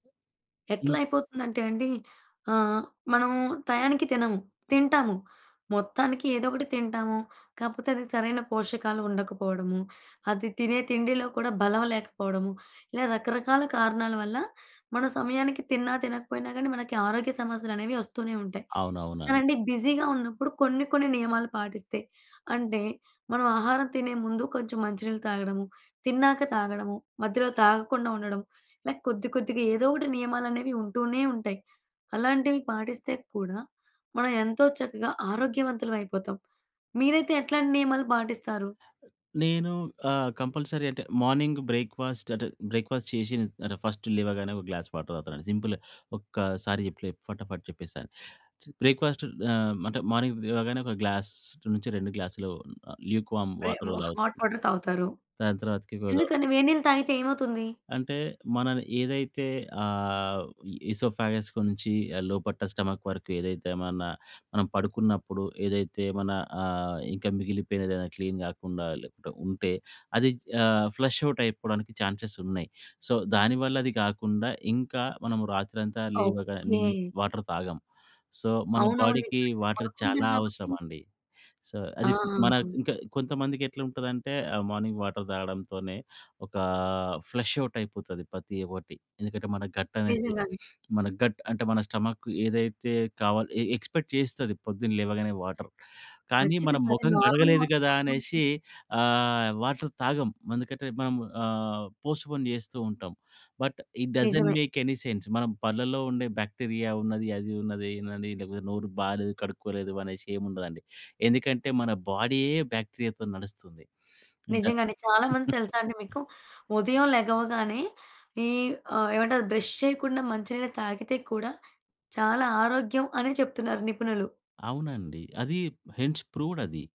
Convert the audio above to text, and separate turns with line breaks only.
ఎట్లా
హ్మ్.
అయిపోతుందంటే అండి. ఆహ్, మనము టయానికి తినము. తింటాము, మొత్తానికి ఏదో ఒకటి తింటాము. కాకపోతే అది సరైన పోషకాలు ఉండకపోవడము, అది తినే తిండిలో కూడా బలం లేకపోవడము. ఇలా రకరకాల కారణాల వల్ల మనం సమయానికి తిన్నా తినకపోయినా గానీ, మనకి ఆరోగ్య సమస్యలనేవి ఒస్తూనే ఉంటాయి.
అవునవునండీ.
కానండి బిజీగా ఉన్నప్పుడు. కొన్ని, కొన్ని నియమాలు పాటిస్తే అంటే మనం ఆహారం తినే ముందు కొంచెం మంచి నీళ్లు తాగడము, తిన్నాక తాగడము మధ్యలో తాగకుండా ఉండడం. లైక్ కొద్ది, కొద్దిగా ఏదో ఒకటి నియమాలనేవి ఉంటూనే ఉంటాయి. అలాంటివి పాటిస్తే కూడా మనం ఎంతో చక్కగా ఆరోగ్యవంతులమైపోతాం. మీరైతే ఎట్లాంటి నియమాలు పాటిస్తారు?
నేను ఆహ్, కంపల్సరీ అంటే మార్నింగు బ్రేక్‌ఫాస్ట్ అంటే, బ్రేక్‌ఫాస్ట్ చేసి న్ అంటే ఫస్ట్ లేవగానే ఒక గ్లాస్ వాటర్ తాగుతానండి. సింపుల్‌గా ఒక్కసారి చెప్పలే ఫటాఫట్ చెప్పేస్తాను. బ్రేక్‌ఫాస్ట్ ఆహ్, అంటే మార్నింగ్ లేవగానే ఒక గ్లాస్ నుంచి 2 గ్లాస్‌లు లూక్ వార్మ్
ప్రే
వాటర్
మో హాట్
తాగుతాను.
వాటర్ తాగుతారు.
దాని తర్వాతకి [unintelligible]
ఎందుకని? వేడి నీళ్లు తాగితే ఏమవుతుంది?
అంటే మనం ఏదైతే ఆహ్, ఈసోఫాగస్‌కు నుంచి లోపట్ట స్టొమక్ వరకు ఏదైతే మన మనం పడుకున్నప్పుడు ఏదైతే మన ఆహ్, ఇంకా మిగిలిపోయినదేదైనా క్లీన్ కాకుండా లెక్క ఉంటే అది ఆహ్, ఫ్లష్ ఔట్ అయిపోవడానికి ఛాన్సెస్ ఉన్నాయి. సో, దానివల్ల అది కాకుండా ఇంకా మనము రాత్రంతా లేవగానే నీళ్ళు
ఓకే.
వాటర్ తాగం. సో, మన
అవునవును.
బాడీకి
నిజమే వెంటనే
వాటర్
పనుకుంటాం
చాలా
కాబట్టి
అవసరం అండి. సో,
ఆ!
అది మన ఇంకా కొంతమందికెట్లుంటదంటే ఆహ్, మార్నింగ్ వాటర్ తాగడంతోనే ఒక ఫ్లష్ ఔట్ అయిపోతది ప్రతి ఒకటి. ఎందుకంటే, మన గట్ అనేది
నిజంగానే.
మన గట్ అంటే మన స్టొమక్ ఏదైతే కావాలో ఎ ఎక్స్‌పెక్ట్ చేస్తది పొద్దున లేవగానే వాటర్. కానీ మనం
కచ్చితంగా. అది
మొఖం
నార్మల్
కడగలేదు
వాటర్
కదా
తాగడానికి
అనేసి ఆహ్, వాటర్ తాగం. అందుకంటే మనం ఆహ్, పోస్ట్‌పోన్ జేస్తూ ఉంటాం. బట్, ఇట్ డసెంట్
నిజమే.
మేక్ ఎని సెన్స్ మనం పల్లలో ఉండే బాక్టీరియా ఉన్నది, అది ఉన్నది, ఇదున్నది అని లేకపోతే నోరు బాలేదు, కడుక్కోలేదు అనేసి ఏం ఉండదండి. ఎందుకంటే, మన బాడీయే బాక్టీరియాతో నడుస్తుంది. ఇంగ
నిజంగానే. చాలా మంది తెలుసా అండి మీకు? ఉదయం లెగవగానే ఈ ఆహ్, ఏమంటారు బ్రష్ చేయకుండా మంచి నీళ్ళు తాగితే కూడా, చాలా ఆరోగ్యం అని చెప్తున్నారు నిపుణులు.
అవునండి. అది హెన్స్ ప్రూడ్ అది.